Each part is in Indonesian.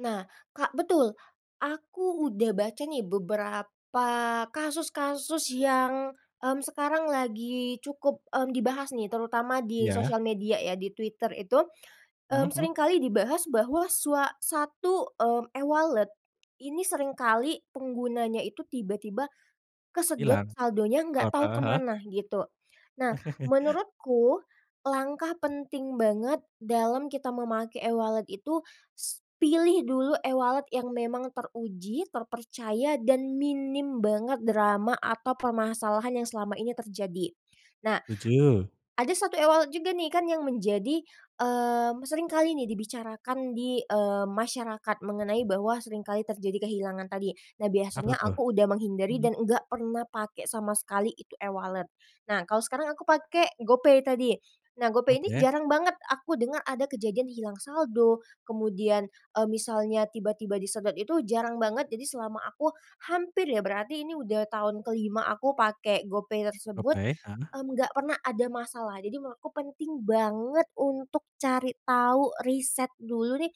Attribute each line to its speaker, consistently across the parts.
Speaker 1: Nah, Kak, betul, aku udah baca nih beberapa kasus-kasus yang, mmm, sekarang lagi cukup, mmm, dibahas nih terutama di
Speaker 2: Iya.
Speaker 1: sosial media ya di Twitter itu.
Speaker 2: Mmm,
Speaker 1: Mmm, sering
Speaker 2: hmm.
Speaker 1: kali dibahas bahwa sua satu, eee, e-wallet ini sering kali penggunanya itu tiba-tiba kesedot
Speaker 2: Hilang.
Speaker 1: saldonya nggak
Speaker 2: Heeh
Speaker 1: tahu
Speaker 2: heeh heeh.
Speaker 1: kemana gitu. Nah menurutku langkah penting banget dalam kita memakai e-wallet itu, sss pilih dulu e-wallet yang memang teruji, terpercaya, dan minim banget drama atau permasalahan yang selama ini terjadi. Nah
Speaker 2: Setuju.
Speaker 1: ada satu e-wallet juga nih kan yang menjadi mmm, sering kali nih dibicarakan di eee, masyarakat mengenai bahwa sering kali terjadi kehilangan tadi. Nah
Speaker 2: Apa
Speaker 1: biasanya
Speaker 2: tuh?
Speaker 1: aku udah menghindari
Speaker 2: Mhm.
Speaker 1: dan enggak pernah pakai sama sekali itu e-wallet. Nah kalau sekarang aku pakai GoPay tadi, nah GoPay ini
Speaker 2: Oke.
Speaker 1: jarang banget aku dengar ada kejadian hilang saldo, kemudian, eee, misalnya tiba-tiba disedot itu jarang banget. Jadi selama aku hampir ya berarti ini udah tahun ke-5 aku pakai GoPay tersebut,
Speaker 2: Oke, heeh.
Speaker 1: mmm, enggak pernah ada masalah, jadi memang aku penting banget untuk cari tahu riset dulu nih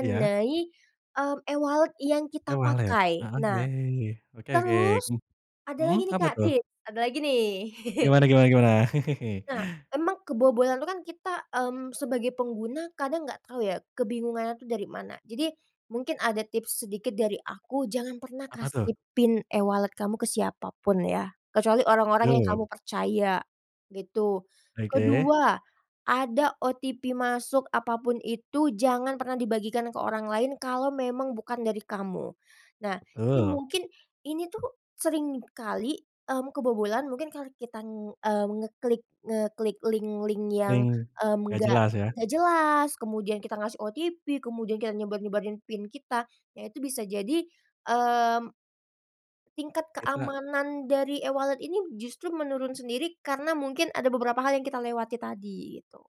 Speaker 2: Iya.
Speaker 1: eee, e-wallet yang kita
Speaker 2: E-wallet.
Speaker 1: pakai.
Speaker 2: Heeh,
Speaker 1: Nah,
Speaker 2: oke oke,
Speaker 1: terus
Speaker 2: mmm.
Speaker 1: ada
Speaker 2: Mhm,
Speaker 1: lagi nih,
Speaker 2: apa
Speaker 1: Kak,
Speaker 2: tuh?
Speaker 1: tips, ada lagi nih.
Speaker 2: Gimana gimana gimana?
Speaker 1: Nah, emang kebobolan itu kan kita, mmm, sebagai pengguna kadang gak tau ya, kebingungannya tuh dari mana. Jadi mungkin ada tips sedikit dari aku jangan pernah
Speaker 2: Apa tuh?
Speaker 1: kasih PIN e-wallet kamu ke siapa pun ya, kecuali orang-orang yang
Speaker 2: Du.
Speaker 1: kamu percaya gitu,
Speaker 2: Oke.
Speaker 1: kedua ada OTP masuk apa pun itu jangan pernah dibagikan ke orang lain kalau memang bukan dari kamu. Nah, jadi
Speaker 2: Betul.
Speaker 1: mungkin ini tuh sering kali, mmm, kebobolan mungkin karena kita, eee, ngeklik ngeklik link-link yang,
Speaker 2: Link,
Speaker 1: mmm,
Speaker 2: gak
Speaker 1: enggak
Speaker 2: jelas ya?
Speaker 1: jelas, kemudian kita ngasih OTP, kemudian kita nyebar-nyebarin PIN kita, ya itu bisa jadi, mmm tingkat
Speaker 2: Kita
Speaker 1: keamanan dari e-wallet ini justru menurun sendiri karena mungkin ada beberapa hal yang kita lewati tadi, gitu.